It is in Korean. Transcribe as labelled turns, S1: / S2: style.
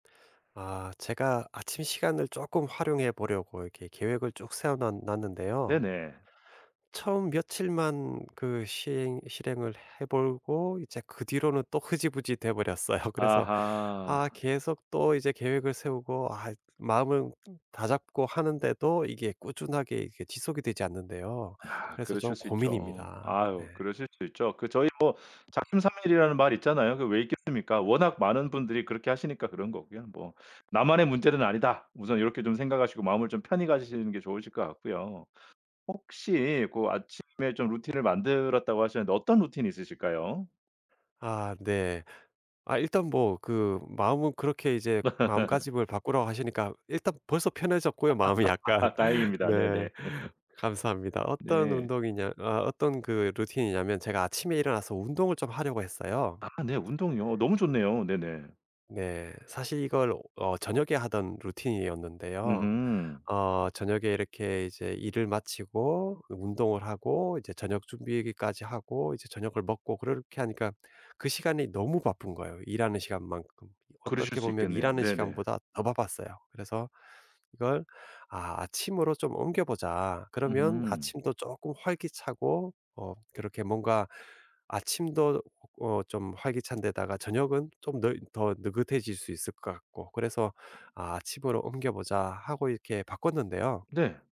S1: 아. 제가 아침 시간을 쪼끔 활용해 보려고 이렇게 계획을 쭉 세워 놨 놨는데요.
S2: 네네.
S1: 처음 며칠만 그 시행 실행을 해 보고 이제 그 뒤로는 또 흐지부지 돼 버렸어요. 그래서 아
S2: 아하.
S1: 계속 또 이제 계획을 세우고 아 마음을 다잡고 하는데도 이게 꾸준하게 이게 지속이 되지 않는데요.
S2: 아.
S1: 그래서 좀
S2: 그러실 수 있죠.
S1: 고민입니다. 네.
S2: 아유 그러실 수 있죠. 그 저희 뭐 작심삼일이라는 말이 있잖아요. 그 왜 있겠습니까? 워낙 많은 분들이 그렇게 하시니까 그런 거고요. 뭐 '나만의 문제는 아니다.' 우선 요렇게 좀 생각하시고 마음을 좀 편히 가지시는 게 좋으실 것 같고요. 혹시 고 아침에 좀 루틴을 만들었다고 하셨는데 어떤 루틴이 있으실까요?
S1: 아 네. 아 일단 뭐 그 마음은 그렇게 이제 마음가짐을 바꾸라고 하시니까 일단 벌써 편해졌고요 마음이 약간.
S2: 아 다행입니다.
S1: 네.
S2: 네네.
S1: 감사합니다. 어떤
S2: 네.
S1: 운동이냐 아 어떤 그 루틴이냐면 제가 아침에 일어나서 운동을 좀 하려고 했어요.
S2: 아 네. 운동이요. 너무 좋네요. 네네.
S1: 네. 사실 이걸 어 저녁에 하던 루틴이었는데요.
S2: 으흠.
S1: 어 저녁에 이렇게 이제 일을 마치고 그 운동을 하고 이제 저녁 준비까지 하고 이제 저녁을 먹고 그렇게 하니까 그 시간이 너무 바쁜 거예요 일하는 시간만큼. 이
S2: 그러실
S1: 어떻게
S2: 수
S1: 보면
S2: 있겠네요.
S1: 일하는
S2: 네네.
S1: 시간보다 더 바빴어요. 그래서 이걸 '아 아침으로 좀 옮겨 보자.' 그러면
S2: 으흠.
S1: 아침도 쪼끔 활기차고 어 그렇게 뭔가 아침도 어 좀 활기찬데다가 저녁은 좀 너 더 느긋해질 수 있을 것 같고 그래서 '아 아침으로 옮겨 보자.' 하고 이렇게 바꿨는데요.
S2: 네.